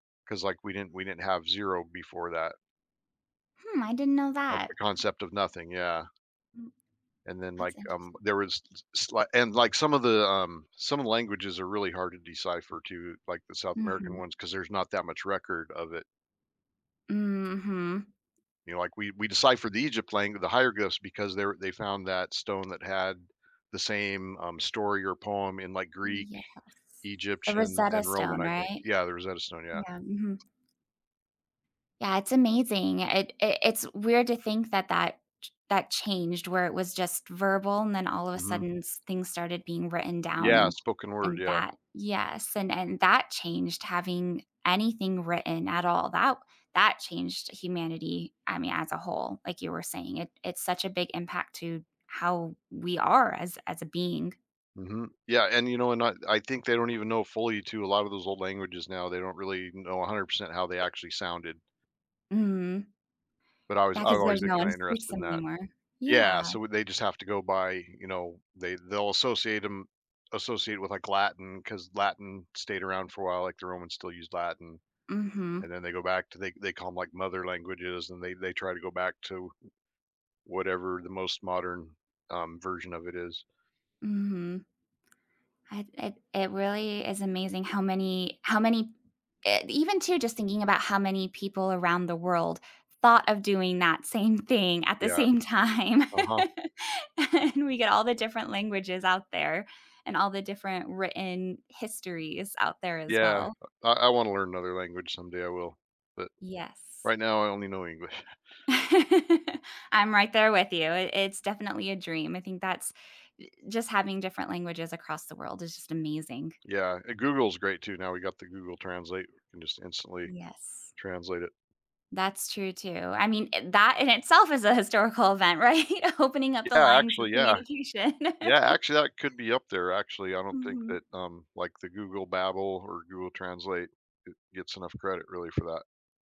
'Cause, like, we didn't we didn't have 0 before that. Hmm, I didn't know Like, that. the I concept of nothing, yeah. Mm And then, that's like, um, interesting. there was s slight and, like, some of the, um, some of the languages are really hard to decipher, too, like the South American Mhm. ones, cause there's not that much record of it. Mm, mhm. You know, like, we we deciphered the Egypt lang the hieroglyphs because they're they found that stone that had the same, um, story or poem in, like, Greek, Yes, the Egyptian, Rosetta and Stone, Roman, I think right? yeah, the Rosetta Stone, yeah. Yeah, mhm. Yeah, it's amazing, it it it's weird to think that that ch that changed where it was just verbal and then all of a Mhm. sudden s things started being written down Yeah, and spoken word, and yeah. that yes, and and that changed having anything written at all, that that changed humanity, I mean, as a whole, like you were saying, it it's such a big impact to how we are as as a being. Mhm, yeah, and, you know, and I I think they don't even know, fully, too, a lot of those old languages now, they don't really know 100% how they actually sounded. Mhm. But I was Yeah, I've 'cause always there's been no one who kinda speaks interested it in that. anymore. Yeah, Yeah. so w they just have to go by, you know, they they'll associate 'em associate with, like, Latin, 'cause Latin stayed around for a while, like, the Romans still use Latin. And Mhm. then, they go back to they they call 'em, like, "mother languages," and they they try to go back to w whatever the most modern, um, version of it is. Mhm. I it it really is amazing how many how many eh, even, too, just thinking about how many people around the world thought of doing that same thing at the Yeah. same time. Uh-huh. And we get all the different languages out there and all the different written histories out there, as Yeah, well. uh, I I wanna learn another language, someday I will, but Yes. right now, I only know English. I'm right there with you, i it's definitely a dream, I think that's uh, just having different languages across the world is just amazing. Yeah, and Google's great, too, now we got the Google Translate, we can just instantly Yes. translate it. That's true, too, I mean, i that, in itself, is a historical event, right? Opening up the Yeah, lines of actually, yeah. communication. Yeah, actually, that could be up there, actually, I don't think Mhm. that, um, like, the Google Babble or Google Translate get gets enough credit, really, for that.